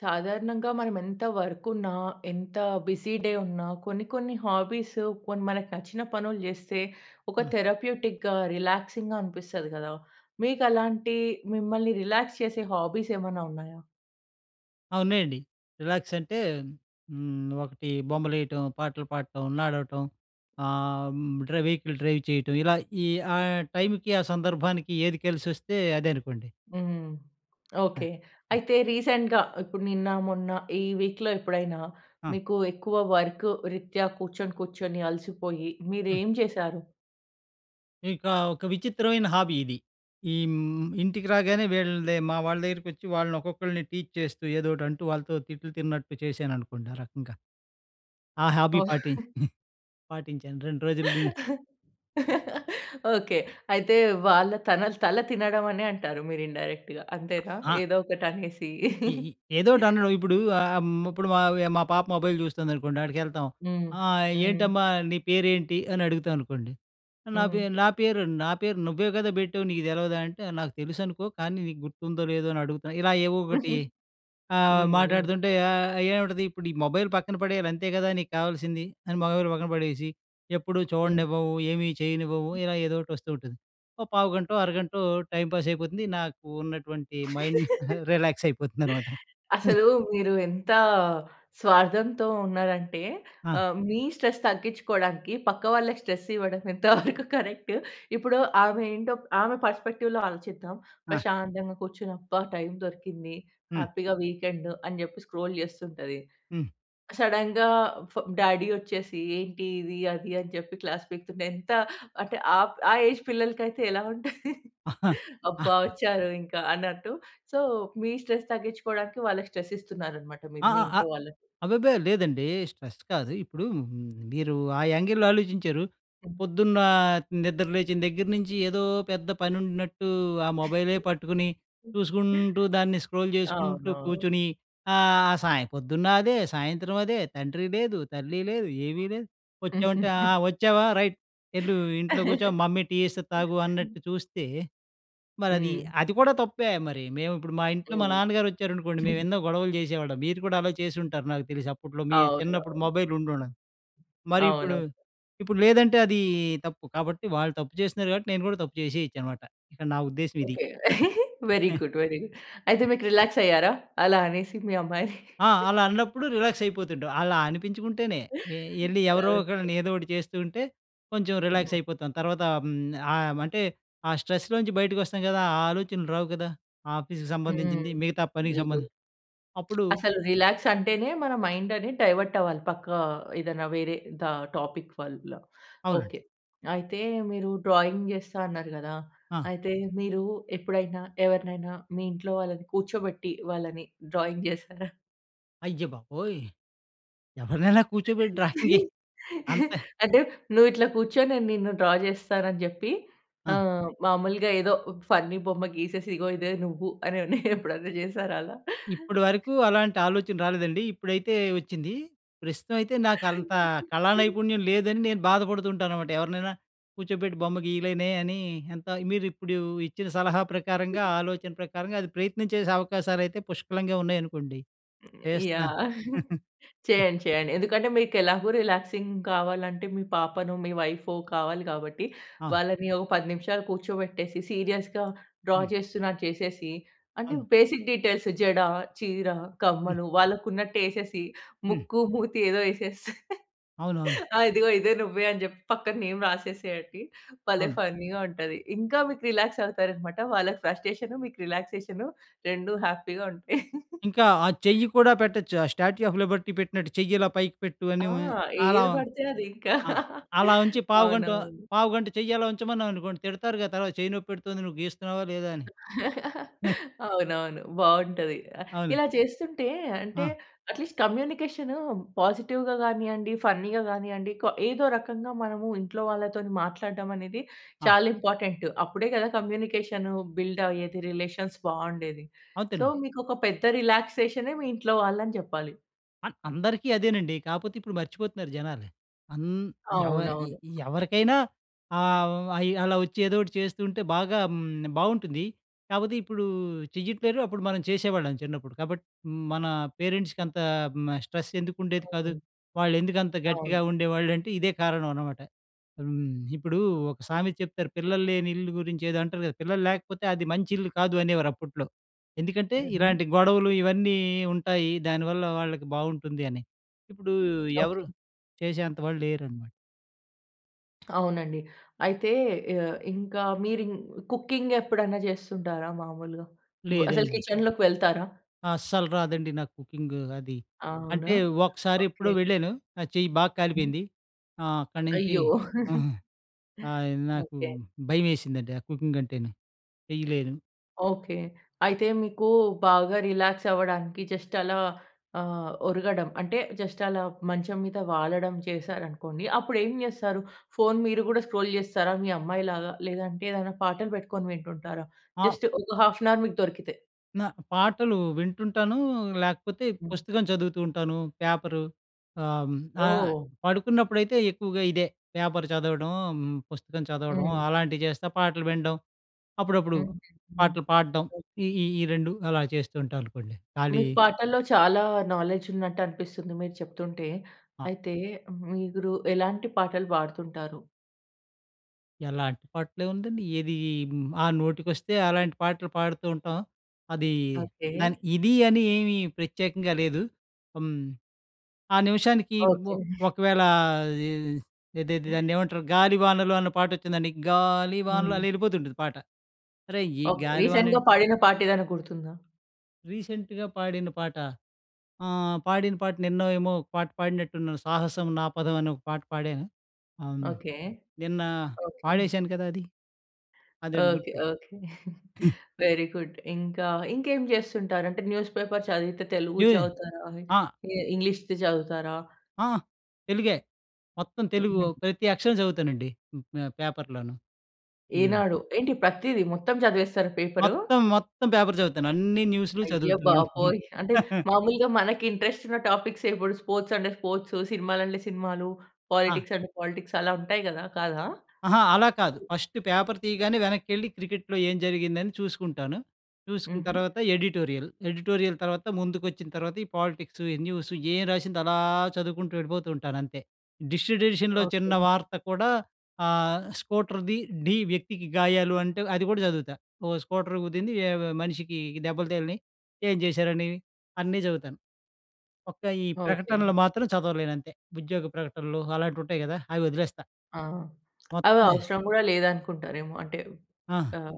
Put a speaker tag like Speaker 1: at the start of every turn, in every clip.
Speaker 1: సాధారణంగా మనం ఎంత వర్క్ ఉన్న ఎంత బిజీ డే ఉన్న కొన్ని, కొన్ని హాబీస్ కొన్ని మనకు నచ్చిన పనులు చేస్తే, ఒక
Speaker 2: ఆ!
Speaker 1: థెరప్యూటిక్‌గా, రిలాక్సింగ్‌గా అనిపిస్తది కదా! మీకు అలాంటి, మిమ్మల్ని రిలాక్స్ చేసే హాబీస్ ఏమైనా ఉన్నాయా?
Speaker 2: ఆ! ఉన్నాయండి. రిలాక్స్ అంటే, హ్మ్. ఒకటి బొమ్మలు ఏయటం, పాటలు పాటం, నడవటం ఆహ్, హ్మ్. డ్ర వెకిల్ డ్రైవ్ చేయటం ఇలా ఈ ఆ టైమ్‌కి, ఆ సందర్భానికి ఏది కేలిసోస్తే, అదే అనుకోండి.
Speaker 1: హ్మ్.
Speaker 2: ఆ!
Speaker 1: ఓకె. అయితే రీసెంట్‌గా ఇప్పుడు నిన్న, మొన్న ఈ వీక్‌లో ఎప్పుడైనా,
Speaker 2: ఆ!
Speaker 1: మీకు ఎక్కువ వర్కు రీత్యా, కూర్చొని, కూర్చొని అలసిపోయి
Speaker 2: హ్మ్.
Speaker 1: మీరేం చేశారు?
Speaker 2: ఇకా, ఒక విచిత్రమైన హాబీ ఇది. ఈమ్ ఇంటికి రాగానే వీళ్ళన్ది మా వాళ్ళ దగ్గరికి వచ్చి, వాళ్ళని ఒక్కొక్కళ్ళని టీచ్ చేస్తూ, ఏదో ఒకటి అంటూ, వాళ్ళతో తిట్లు, తిన్నట్టు చేశాననుకోండి. ఆ రకంగా. ఆ హాబీ
Speaker 1: ఓహ్!
Speaker 2: పాటిం పాటించాను 2 రోజులు నుండి.
Speaker 1: ఓకె. అయితే వాళ్ళ తనల్ తల తినడం అనే అంటారు, మీరు. ఇండైరెక్ట్‌గా అంతేనా.
Speaker 2: ఆ!
Speaker 1: ఏదో ఒకటి అనేసి.
Speaker 2: ఇ ఇ ఏదో ఒటి అనడం, ఇప్పుడు ఆహ్, హ్మ్. ఇప్పుడు మావ్య మా పాప మొబైల్ చూస్తుందనుకోండి ఆడికేళ్తాం
Speaker 1: హ్మ్.
Speaker 2: "ఆ!
Speaker 1: హ్మ్.
Speaker 2: ఏంటమ్మా నీ పేరేంటి" అని, అడుగుతా అనుకోండి. ఆహ్, "నా పే
Speaker 1: హ్మ్.
Speaker 2: నా పేరు నా పేరు నువ్వే కదా! పెట్టావు నీకు తెలవదా!" అంటే, "నాకు తెలుసనుకో కానీ, నీకు గుర్తుందో, లేదో, అని అడుగుతున్నా" ఇలా ఏవో ఒకటి ఆహ్,
Speaker 1: హ్మ్. హ్మ్.
Speaker 2: మాట్లాడుతుంటే ఆహ్, ఏముంటది, "ఇప్పుడు ఈ మొబైల్ పక్కన పడేయాలి అంతే కదా! నీకావల్సింది" అని, మొబైల్ పక్కన పడేసి, "ఎప్పుడు
Speaker 1: హ్మ్.
Speaker 2: చూడనివ్వవు, ఏమీ చేయనివ్వవు" ఇలా ఏదో ఒటి వస్తూ ఉంటుంది. ఓ పావుగంటో, అరగంటో టైమ్ పాస్ అయిపోతుంది. నాకు ఉన్నటువంటి మైండ్ రిలాక్స్ అయిపోతుందనమాట. హ్మ్.
Speaker 1: అసలు మీరు ఎంత స్వార్థంతో, ఉన్నారంటే.
Speaker 2: ఆ!
Speaker 1: ఆహ్, మీ స్ట్రెస్ తగ్గించుకోవడానికి పక్క వాళ్ళకి స్ట్రెస్ ఇవ్వడం ఎంతవరకు కరెక్ట్? ఇప్పుడు ఆమె ఏంటో, ఆమె పర్స్పెక్టివ్‌లో ఆలోచిద్దాం.
Speaker 2: ఆ!
Speaker 1: ప్రశాంతంగా కూర్చొని అబ్బా! టైమ్ దొరికింది.
Speaker 2: హ్మ్.
Speaker 1: హ్యాపీగా, వీకెండ్ అని చెప్పి స్క్రోల్ చేస్తుంటది,
Speaker 2: హ్మ్.
Speaker 1: క్ సడెన్‌గా ఫా డ్యాడీ వచ్చేసి, ఏంటి ఇది అది అని చెప్పి క్లాస్ పికుతుంటే, ఎంత అంటే, ఆప్ ఆ ఏజ్ పిల్లలకయితే ఎలా ఉంట అబ్బా! వచ్చారు ఇంకా! అన్నట్టు సో, మీ స్ట్రెస్ తగ్గించుకోవడానికి వాళ్ళకి స్ట్రెస్ ఇస్తున్నారన్నమాట.
Speaker 2: ఆ!
Speaker 1: మీరు, మీ
Speaker 2: ఆ! ఆహ్,
Speaker 1: ఇంట్లో వాళ్ళకి.
Speaker 2: అబ్బెబ్బే! లేదండి. స్ట్రెస్ కాదు. ఇప్పుడు హ్మ్. మీరు ఆ యాంగిల్‌లో ఆలోచించారు. పొద్దున్న నిద్ర లేచిన దగ్గర నించి, ఏదో పెద్ద పని ఉంటూన్నట్టు ఆ మొబైలే పట్టుకుని, చూసుకుంటూ, దాన్ని స్క్రోల్ చేసుకుంటూ
Speaker 1: అవునా
Speaker 2: కూర్చొని, ఆహ్, సాయం పొద్దున్న అదే, సాయంత్రం అదే, తండ్రి లేదు, తల్లి లేదు, ఏమీ లేదు. వచ్చామంటే ఆ! వచ్చావా రైట్. "వెళ్ళు ఇంట్లో కూర్చో, మమ్మీ టీ చేస్తే తాగు" అన్నట్టు చూస్తే మరది,
Speaker 1: హ్మ్.
Speaker 2: అది కూడా తప్పే మరి! మేము ఇప్పుడు, మా ఇంట్లో, మా
Speaker 1: హ్మ్.
Speaker 2: నాన్నగారు వచ్చారనుకోండి, మేము ఎన్నో గొడవలు చేసేవాళ్ళం. మీరు కూడా అలా చేసుంటారు, నాకు తెలిసి. అప్పట్లో మీ చిన్నప్పుడు
Speaker 1: అవునవు
Speaker 2: మొబైల్ ఉండడ మరి ఇప్పుడు
Speaker 1: అవును.
Speaker 2: ఇప్పుడు లేదంటే అది తప్పు. కాబట్టి వాళ్ళు తప్పు చేస్తున్నారు. కాబట్టి నేను కూడా తప్పు చేసేయొచ్చనమాట. ఇక్కడ నా ఉద్దేశ్యం ఇది.
Speaker 1: Okay. Very
Speaker 2: hmm.
Speaker 1: Good, very అయితే మీకు రిలాక్స్ అయ్యారా? అలా అనేసి, మీ అమ్మాయిని.
Speaker 2: ఆ! అలా అన్నప్పుడు రిలాక్స్ అయిపోతుంటాం. అలా అనిపించుకుంటేనే. ఏ ఏళ్ళి ఎవరో
Speaker 1: ఓకె.
Speaker 2: ఒకళ్ళని, ఏదో ఒటి చేస్తూ ఉంటే, కొంచెం రిలాక్స్ అయిపోతాం. తర్వాత, హ్మ్. ఆయమ్ అంటే, ఆ స్ట్రెస్‌లో నుంచి బయటికి వస్తాం కదా! ఆ ఆలోచనలు రావు కదా! ఆఫీస్‌కి
Speaker 1: హ్మ్.
Speaker 2: సంబంధించింది, మిగతా పనికి
Speaker 1: వెరీ
Speaker 2: సంబంద్
Speaker 1: గుడ్.
Speaker 2: అప్పుడు
Speaker 1: అసలు రిలాక్స్ అంటేనే మన మైండ్ అనేది డైవర్ట్ అవ్వాలి. పక్క ఏదైనా వేరే ద టాపిక్ వల్ల.
Speaker 2: అవునండి.
Speaker 1: ఓకె. అయితే మీరు డ్రాయింగ్ చేస్తా అన్నారు కదా!
Speaker 2: ఆ!
Speaker 1: అయితే మీరు ఎప్పుడైనా, ఎవరినైనా మీ ఇంట్లో వాళ్ళని కూర్చోబెట్టి, వాళ్ళని డ్రాయింగ్ చేసారా?
Speaker 2: అయ్యబాబోయ్! ఎవరినైనా కూర్చోబెట్టి డ్రాయింగ్ ఏయి అంత
Speaker 1: అంటే, నువ్విట్లా కూర్చో, నేను నిన్ను డ్రా జేస్తానని చెప్పి,
Speaker 2: ఆ!
Speaker 1: ఆహ్, మాములుగా ఏదో ఉబ్ ఫన్నీ బొమ్మ గీసేసి, ఇగో ఇదే నువ్వు. అనని, ఎప్పుడన్నా చేసారా అలా?
Speaker 2: ఇప్పడి వరకు అలాంటి ఆలోచన రాలేదండి, ఇప్పుడైతే వచ్చింది. ప్రస్తుతం అయితే, నాకంత కళానైపుణ్యం లేదని నేను బాధపడుతూ ఉంటాననమాట. ఎవరినైనా కూర్చోబెట్టి బొమ్మ గీయలేనే అని, ఎంత మీరిప్పుడు ఇచ్చిన సలహా ప్రకారంగా, ఆలోచన ప్రకారంగా, అది ప్రయత్నం చేసే అవకాశాలయితే పుష్కలంగా ఉన్నాయనుకోండి, చేస్తా.
Speaker 1: యాహ్! చేయండి. చేయండి. ఎందుకంటే, మీకెలాగో రిలాక్సింగ్ కావాలంటే, మీ పాపనో, మీ వైఫో కావాలి కాబట్టి,
Speaker 2: ఆ!
Speaker 1: వాళ్ళని ఒక 10 నిమిషాలు కూర్చోబెట్టేసి, సీరియస్‌గా డ్రా
Speaker 2: హ్మ్.
Speaker 1: చేస్తున్నట్టు చేసేసి, అంటే,
Speaker 2: అవును.
Speaker 1: బేసిక్ డీటేల్స్ జడ, చీర,
Speaker 2: హ్మ్.
Speaker 1: కమ్మలు వాళ్ళకున్నట్టేసేసి,
Speaker 2: హ్మ్.
Speaker 1: ముక్కు, మూతి ఏదో ఎసేస్తే,
Speaker 2: అవునవును.
Speaker 1: ఆహ్, ఇదిగో ఇదే నువ్వే, అని చెప్పి పక్కన నేమ్ రాసేసేయండి. భలే
Speaker 2: అవును.
Speaker 1: ఫన్నీగా ఉంటది. ఇంకా మీకు రిలాక్స్ అవుతారన్నమాట. వాళ్ళకి ఫ్రస్ట్రేషను, మీకు రిలాక్సేషను రెండు హ్యాపీగా ఉంటాయి.
Speaker 2: ఇంకా, ఆ చెయ్యి కూడా పెట్టొచ్చు, ఆ స్టాట్యూ ఆఫ్ లిబర్టీ పెట్టినట్టు, చెయ్యిలా పైకి పెట్టు అని
Speaker 1: ఆ!
Speaker 2: ఆహ్, అలా
Speaker 1: ఏది పడితే అది ఇంకా.
Speaker 2: ఆహ్, అలా ఉంచి పావుగంట,
Speaker 1: అవునవును.
Speaker 2: పావుగంట చెయ్య అలా ఉంచమన్నామనుకోండి, తిడతారు గాద! "అలా చెయ్యి నొప్పెడుతొంది, నువ్వు గీస్తున్నావా? లేదా?" అని.
Speaker 1: అవునవును, బాగుంటది. ఆహ్,
Speaker 2: అవును.
Speaker 1: ఇలా చేస్తుంటే, అంటే,
Speaker 2: ఆ!
Speaker 1: అట్లీస్ట్ కమ్యూనికేషను పాజిటివ్‌గా గానీయండి, ఫన్నీగా గానీయండి, క ఏదో రకంగా మనము, ఇంట్లో వాళ్ళతోని మాట్లాడటం అనేది,
Speaker 2: ఆ!
Speaker 1: చాలా ఇంపార్టెంటు. అప్పుడే గదా కమ్యూనికేషను బిల్డ్ ఆయేది, రిలేషన్స్ బావుండేది. సో,
Speaker 2: అంతేనండి.
Speaker 1: మీకొక పెద్ద రిలాక్సేషనే మీ ఇంట్లో వాళ్ళని చెప్పాలి.
Speaker 2: అన్ అందరికీ అదేనండి. కాపోతే ఇప్పుడు మర్చిపోతున్నారు జనాలు. అన్ ఎవ ఇ
Speaker 1: అవునవును.
Speaker 2: ఎవరికైనా ఆహ్, హ్మ్, అయ్యి అలా ఒచ్చి, ఏదోటి చేస్తూంటే, బాగా హ్మ్, బావుంటుంది. కాపోతే ఇప్పుడూ చెయ్యట్లేరు, అప్పుడు మనం చేసేవాళ్ళం, చిన్నప్పుడు. కాబట్ హ్మ్, మన పేరెంట్స్‌కి అంత హ్మ్, ఆహ్, స్ట్రెస్ ఎందుకుండేది కాదు?
Speaker 1: హ్మ్.
Speaker 2: వాళ్ళేందుకంత గట్టిగా
Speaker 1: అవును.
Speaker 2: ఉండేవాళ్ళుంటే, ఇదే కారణం అనమాట. హ్మ్. ఇప్పుడూ ఒక సామెత చెప్తారు, పిల్లల్లేని ఇల్లు గురించి, ఏదో అంటరు కదా! పిల్లల్లేకపోతే అది మంచిల్లు కాదు, అనేవారు అప్పుట్లో. ఎందుకంటే,
Speaker 1: ఉహూ!
Speaker 2: ఇలాంటి గొడవలు ఇవన్నీ ఉంటాయి, దానివల్ల వాళ్ళకి బావుటుంది అని. ఇప్పుడూ ఎవరు
Speaker 1: ఓకే.
Speaker 2: చేసే అంత వాళ్ళు లేరనమాట.
Speaker 1: అవునండి. అయితే, యాహ్, ఇంకా మీరిం కుకింగ్ ఎప్పుడైనా చేస్తుంటారా మాములుగా? ఓహ్, అసలు
Speaker 2: లేదండి.
Speaker 1: కిచెన్‌లోకి వెళ్తారా?
Speaker 2: అస్సలు రాదండి నాకు కుకింగు, అది.
Speaker 1: అవునా?
Speaker 2: అంటే
Speaker 1: ఓకే.
Speaker 2: ఒకసారెప్పుడో వెళ్ళాను, నా చెయ్యి బా కాలిపోయింది. ఆహ్, అక్కడి నించి
Speaker 1: అయ్యో!
Speaker 2: ఆయ్ నాకు
Speaker 1: ఓకే.
Speaker 2: భయమేసిందండి, ఆ కుకింగ్ అంటేనే. చెయ్యలేను.
Speaker 1: ఓకే. అయితే మీకు, బాగా రిలాక్స్ అవ్వడానికి, జస్ట్ అలా ఆహ్, ఒరుగడం అంటే, జస్ట్ అలా మంచం మీద వాలడం చేశారనుకోండి, అప్పుడేం చేస్తారు? ఫోన్ మీరు కూడా స్క్రోల్ చేస్తారా, మీ అమ్మాయిలాగా? లేదంటే, ఏదైనా పాటలు పెట్టుకొని వింటుంటారా?
Speaker 2: ఆ!
Speaker 1: జస్ట్ ఒక హాఫ్ ఏన్ అవర్ మీకు దొరికితే.
Speaker 2: న పాటలు వింటుంటాను, లేకపోతే
Speaker 1: హ్మ్.
Speaker 2: పుస్తకం చదువుతూ ఉంటాను, పేపరు, హ్మ్. ఆహ్,
Speaker 1: ఓహ్!
Speaker 2: పడుకున్నప్పుడైతే ఎక్కువగా ఇదే, పేపర్ చదవడం, పుస్తకం
Speaker 1: హ్మ్.
Speaker 2: అలాంటివి చేస్తే పాటలు వినడం. అప్పుడప్పుడు
Speaker 1: హ్మ్. హ్మ్.
Speaker 2: పాటలు పాడడం ఈ ఈ 2 అలా చేస్తూ ఉంటా అనుకోండి. ఖాళీ
Speaker 1: మీకు పాటల్లో చాలా నాలెడ్జ్ ఉన్నట్టనిపిస్తుంది మీరు చెప్తుంటే,
Speaker 2: ఆ!
Speaker 1: అయితే మీరు ఎలాంటి పాటలు పాడుతుంటారు.
Speaker 2: ఎలాంటి పాటలే ఉందండి ఏది, ఆ నోటికొస్తే, అలాంటి పాటలు పాడుతూ ఉంటాం. అది
Speaker 1: ఓకె.
Speaker 2: దాని ఇది అని ఏమీ ప్రత్యేకంగా లేదు. హ్మ్, ఆ నిమిషానికి
Speaker 1: ఓకె.
Speaker 2: ఒ ఒకవేళ, ఎ ఏదేది దాన్నేమంటారు గాలి వానలో అనే పాట వచ్చిందండి, గాలి వానలో
Speaker 1: హ్మ్.
Speaker 2: అలా ఎళ్ళిపోతుంటుంది పాట. అరే ఈ
Speaker 1: ఓకె.
Speaker 2: గాలి వానే
Speaker 1: రీసెంట్‌గా పాడిన పాట ఏదైనా గుర్తుందా?
Speaker 2: రీసెంట్‌గా పాడిన పాట, ఆహ్, పాడిన పాట నిన్న ఏమో ఒక పాట పాడినట్టు ఉన్నాను, 'సాహసం నా పదం' అని ఒక పాట పాడాను. ఆహ్,
Speaker 1: ఓకె.
Speaker 2: నిన్న
Speaker 1: ఓకె.
Speaker 2: పాడేశాను కదా! అది. అదేండి
Speaker 1: ఓకె.
Speaker 2: గుర్తు
Speaker 1: ఓకె. వేరీ గుడ్ ఇంకా, ఇంకేం చేస్తుంటారు అంటే న్యూస్ పేపర్ చదివితే తెలుగు
Speaker 2: [unintelligible]
Speaker 1: చదువుతారా,
Speaker 2: ఆ!
Speaker 1: ఇ ఇంగ్లీష్‌ది చదువుతారా?
Speaker 2: అహ్! తెలుగే. మొత్తం తెలుగు
Speaker 1: హుహు.
Speaker 2: ప్రతి అక్షరం చదువుతానండి హ్, పేపర్‌ లోనూ. హ్మ్.
Speaker 1: ఈనాడు. ఏంటి ప్రతిది మొత్తం చదివేస్తారా పేపరు?
Speaker 2: మొత్తం, మొత్తం పేపర్ చదువుతాను అన్ని న్యూస్‌లు
Speaker 1: అయ్య
Speaker 2: చదువుతాను.
Speaker 1: బాబోయ్! అంటే మామూలుగా మనకి ఇంట్రెస్ట్ ఉన్న టాపిక్సే ఇప్పుడు స్పోర్ట్స్ అంటే స్పోర్ట్సు సినిమాలు అంటే సినిమాలు,
Speaker 2: ఆ!
Speaker 1: పాలిటిక్స్ అంటే పాలిటిక్స్ అలా ఉంటాయి కదా! కాదా?
Speaker 2: అహా! అలా కాదు, ఫస్టు పేపర్ తీయగానే వెనక్కెళ్ళి క్రికెట్‌లో ఏం జరిగిందని చూసుకుంటాను. చూసుకున్న
Speaker 1: హుహు.
Speaker 2: తర్వాత ఎడిటోరియల్. ఎడిటోరియల్ తర్వాత ముందుకు వచ్చిన తర్వాత ఈ పాలిటిక్సు, ఈ న్యూసు ఏం రాసిందో అలా చదువుకుంటూ వెళ్ళిపోతూ ఉంటానంతే. District ఎడిషన్‌లో
Speaker 1: okay.
Speaker 2: చిన్న వార్త కూడా ఆహ్, స్కూటర్ డీ, డీ వ్యక్తికి గాయాలు అంటే అది కూడా చదువుతా. ఓ స్కూటర్ గుద్దింది మనిషికి ఈ దెబ్బలు తగిలినాయి, ఏం చేశారని, అన్నీ చదువుతాను. ఒక్క ఈ
Speaker 1: ఓకె.
Speaker 2: ప్రకటనలు మాత్రం చదవలేనంతే. ఉద్యోగ ప్రకటనలు అలాంటివి ఉంటాయి కదా! అవి వదిలేస్తా.
Speaker 1: ఆ! అవి
Speaker 2: మొత్తం
Speaker 1: అవసరం కూడా లేదనుకుంటారేమో. అంటే,
Speaker 2: ఆ!
Speaker 1: ఆహ్,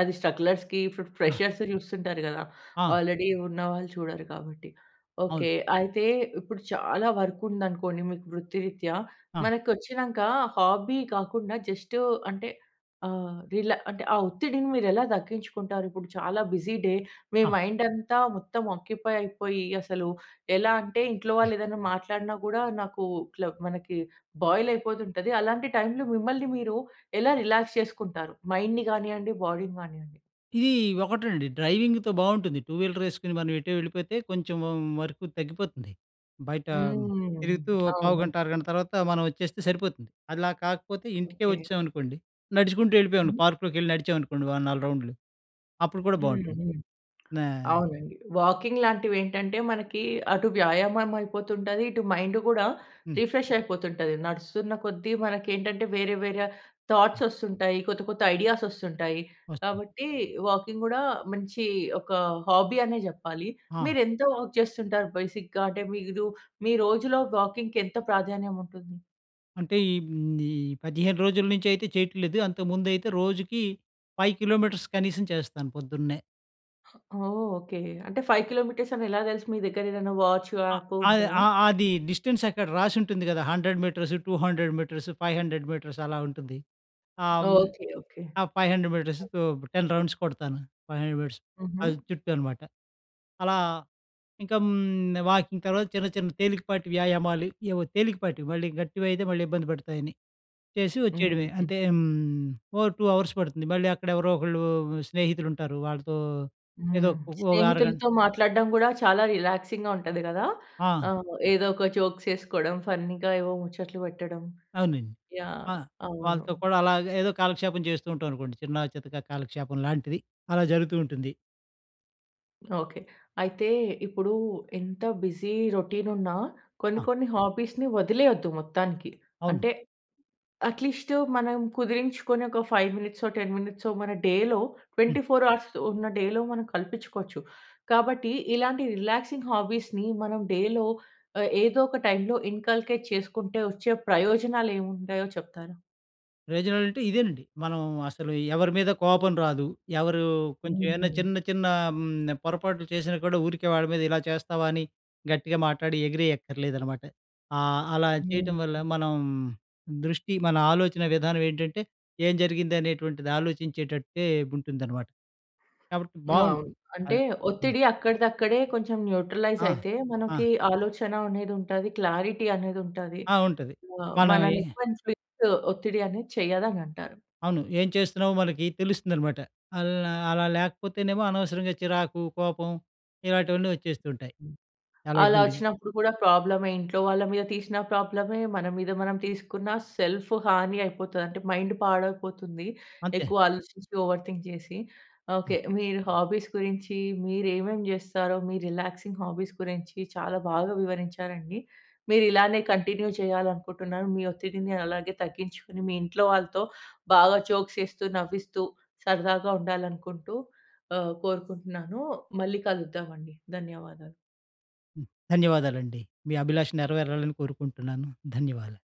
Speaker 1: అది స్ట్రగ్‌లర్స్‌కి ఇప్పుడు
Speaker 2: ఆ!
Speaker 1: ఫ్రెషర్స్‌ని చూస్తుంటారు కదా!
Speaker 2: ఆ!
Speaker 1: ఆల్రెడీ ఉన్నవాళ్ళు చూడరు కాబట్టి.
Speaker 2: అవును.
Speaker 1: ఓకె. అయితే ఇప్పుడు చాలా వర్క్ ఉందనుకోండి మీకు వృత్తిరీత్యా,
Speaker 2: ఆ!
Speaker 1: మనకు వచ్చినాక హాబీ కాకుండా జస్ట్ అంటే ఆహ్, రిలా అంటే ఆ ఒత్తిడిని మీరు ఎలా తగ్గించుకుంటారు. ఇప్పుడు చాలా బిజీ డే మీ
Speaker 2: ఆ!
Speaker 1: మైండ్ అంతా మొత్తం ఆక్యుపై అయిపోయి అసలు ఎలా అంటే ఇంట్లో
Speaker 2: హ్మ్.
Speaker 1: వాళ్ళు ఏదైనా మాట్లాడినా కూడా, నాకు ఇట్లా మనకి బాయిల్ అయిపోతుంటది. అలాంటి టైమ్‌లో మిమ్మల్ని మీరు ఎలా రిలాక్స్ చేసుకుంటారు మైండ్‌ని గానియ్యండి బాడీని గానియ్యండి.
Speaker 2: ఇది ఒకటండి డ్రైవింగ్‌తో బావుంటుంది టూ వీలర్ ఏసుకొని మనం ఎటో వెళ్ళిపోతే కొంచెం వ వరకు తగ్గిపోతుంది. బయట
Speaker 1: హ్మ్.
Speaker 2: తిరుగుతూ ఒక
Speaker 1: అవును.
Speaker 2: పావుగంట అరగంట తర్వాత మనం వచ్చేస్తే సరిపోతుంది. అలా కాకపోతే ఇంటికే
Speaker 1: ఓకే.
Speaker 2: వచ్చామనుకోండి నడుచుకుంటూ ఎళ్ళిపోయామనుకో
Speaker 1: హ్మ్.
Speaker 2: పార్క్‌ లోకి వెళ్ళి నడిచామనుకోండి ఒక 4 రౌండ్‌లు అప్పుడు కూడా
Speaker 1: హ్మ్.
Speaker 2: బాగుంటుంది.
Speaker 1: హ్మ్.
Speaker 2: నా
Speaker 1: అవునండి. వాకింగ్ లాంటివి ఏంటంటే మనకి అటు వ్యాయామం అయిపోతుంటాది, ఇటు మైండ్ గూడా
Speaker 2: హ్మ్.
Speaker 1: రిఫ్రెష్ అయిపోతుంటాది. నడుస్తున్న కొద్దీ మనకేంటంటే వేరే, వేరే
Speaker 2: అ!
Speaker 1: థాట్స్ వస్తుంటాయి. కొత్త, కొత్త ఐడియాస్ వస్తుంటాయి.
Speaker 2: వస్తుంది.
Speaker 1: కాబట్టి వాకింగ్ గూడా మంచి ఒక హాబీ అనే జెప్పాలి.
Speaker 2: ఆ!
Speaker 1: మీరు ఎంతో వాక్ జేస్తుంటారు బేసిక్‌గా అంటే మీరు మీ రోజులో వాకింగ్‌కి ఎంత ప్రాధాన్యం ఉంటుంది?
Speaker 2: అంటే ఈ ఈ 15 రోజుల నుంచి అయితే చేయట్లేదు. అంతకుముందైతే రోజుకి 5 కిలోమీటర్స్ కనీసం చేస్తాను పొద్దున్నే.
Speaker 1: ఓహ్! ఓకె. అంటే 5 కిలోమీటర్స్ అని ఎలా దెలుసు మీ దగ్గర ఏదైనా వాచ్,
Speaker 2: ఆ
Speaker 1: యాప్
Speaker 2: ఆహ్,
Speaker 1: ఉంటదా?
Speaker 2: ఆ అది డిస్‌టెన్స్ అక్కడ రాసుంటుంది గదా! 100 మీటర్స్, 200 మీటర్స్, 500 మీటర్స్ అలా ఉంటుంది. ఆహ్, హ్మ్,
Speaker 1: ఓకే. ఓకే.
Speaker 2: ఆ 500 మీటర్స్, 10 రౌండ్స్ కొడతాను. 500 మీటర్స్ ఆ
Speaker 1: హుహు.
Speaker 2: చుట్టూ అనమాట. అలా ఇంక హ్మ్. వాకింగ్ అనో చిన్న చిన్న తేలికపాటి వ్యాయామాలు ఏవో తేలికపాటివి మళ్ళీ గట్టివయితే మళ్ళీ ఇబ్బంది పెడతాయని. చేసి వచ్చేయడమే
Speaker 1: హుహుహు.
Speaker 2: అంటే ఓ 2:00 అవర్స్ పడుతుంది. మళ్ళీ అక్కడ ఎవరో ఒకళ్ళు స్నేహితులు ఉంటారు. వాళ్ళతో ఏదో
Speaker 1: హ్మ్.
Speaker 2: ఒ ఒక అరగంట
Speaker 1: స్నేహితులతో మాట్లాడడం గూడా చాలా రిలాక్సింగ్‌గా ఉంటది గదా!
Speaker 2: ఆ!
Speaker 1: ఆహ్, ఏదో ఒక జోక్సేసుకోడం ఫన్నీగా ఏవో ముచ్చట్లు పెట్టడం.
Speaker 2: అవునండి.
Speaker 1: యహ్!
Speaker 2: ఆ!
Speaker 1: అవును.
Speaker 2: వాళ్ళతో కూడా అలాగా ఏదో కాలక్షేపం చేస్తూ ఉంటామనుకోండి. చిన్న చితకా కాలక్షేపం లాంటిది అలా జరుగుతూ ఉంటుంది.
Speaker 1: ఓకే. అయితే ఇప్పుడూ ఎంత బిజీ రొటీన్ ఉన్నా కొన్ని,
Speaker 2: ఆ!
Speaker 1: కొన్ని హాబీస్‌ని వదిలేయొద్దు మొత్తానికి.
Speaker 2: అవును.
Speaker 1: అంటే, అట్లీస్టు మనం కుదిరించుకొని ఒక, 5 మినిట్సో, 10 మినిట్సో, మన డేలో
Speaker 2: హ్మ్.
Speaker 1: 24 అవర్స్ ఉన్న డేలో మనం కల్పించుకోవచ్చు. కాబట్టి ఇలాంటి రిలాక్సింగ్ హాబీస్‌ని మనం డేలో ఆహ్, ఏదో ఒక టైమ్‌లో ఇన్కల్కెట్ చేసుకుంటే, వచ్చే ప్రయోజనాలు ఏమి ఉంటాయో చెప్తారా?
Speaker 2: రిసల్ట్ ఇదేనండి. మనం అసలు ఎవరి మీద కోపం రాదు. ఎవరు కొంచెం ఏమన్నా
Speaker 1: హ్మ్.
Speaker 2: చిన్న, చిన్న హ్మ్. పొరపాట్లు చేసినా కూడా ఊరికే వాడి మీద ఇలా చేస్తావా, అని గట్టిగా మాట్లాడి ఎగిరేయక్కర్లేదనమాట. ఆహ్, అలా చేయటం వల్ల
Speaker 1: హ్మ్.
Speaker 2: మనం, దృష్టి మన ఆలోచన విధానం ఏంటంటే ఏం జరిగింది అనేటువంటిది ఆలోచించేటట్టే ఉంటుందనమాట. కాబట్టి
Speaker 1: అవును.
Speaker 2: బావుంటుంది.
Speaker 1: అంటే
Speaker 2: అది. హ్మ్.
Speaker 1: ఒత్తిడి అక్కడిదక్కడే కొంచెం న్యూట్రలైజ్
Speaker 2: ఆ!
Speaker 1: అయితే,
Speaker 2: ఆ!
Speaker 1: మనకి ఆలోచన అనేది ఉంటాది, క్లారిటీ అనేది ఉంటాది.
Speaker 2: ఆ! ఉంటది.
Speaker 1: ఆహ్,
Speaker 2: మనం
Speaker 1: మన
Speaker 2: ఏ
Speaker 1: [unintelligible] ఒత్తిడి అనేది చెయ్యదని అంటారు.
Speaker 2: అవును. ఏం చేస్తున్నామో మనకి తెలుస్తుందనమాట. అల్లా అలా లేకపోతేనేమో అనవసరంగా చిరాకు, కోపం ఇలాంటివన్నీ వచ్చేస్తూంటాయి.
Speaker 1: హ్మ్.
Speaker 2: చాలా
Speaker 1: అలా
Speaker 2: ఇబ్బందిగా.
Speaker 1: వచ్చినప్పుడు కూడా ప్రాబ్లమే. ఇంట్లో వాళ్ళ మీద తీసిన ప్రాబ్లమే, మన మీద మనం తీసుకున్న సెల్ఫు హాని అయిపోతది. అంటే మైండ్ పాడైపోతుంది
Speaker 2: అంతే.
Speaker 1: ఎక్కువ ఆలోచించి ఓవర్ థింక్ చేసి.
Speaker 2: హ్మ్.
Speaker 1: ఓకే. మీరు హాబీస్ గురించి, మీరు ఏమేం చేస్తారో, మీ రిలాక్సింగ్ హాబీస్ గురించి చాలా బాగా వివరించారండి. మీరు ఇలానే కంటిన్యూ చేయాలనుకుంటున్నాను. మీ ఒత్తిడిని అలాగే తగ్గించుకొని, మీ ఇంట్లో వాళ్ళతో బాగా జోక్స్ ఏస్తూ, నవ్విస్తూ సరదాగా ఉండాలనుకుంటూ ఆహ్, కోరుకుంటున్నాను. మళ్ళీ కలుద్దామండి. ధన్యవాదాలు.
Speaker 2: హ్మ్. ధన్యవాదాలండి. మీ అభిలాష నెరవేరాలని కోరుకుంటున్నాను. ధన్యవాదాలు.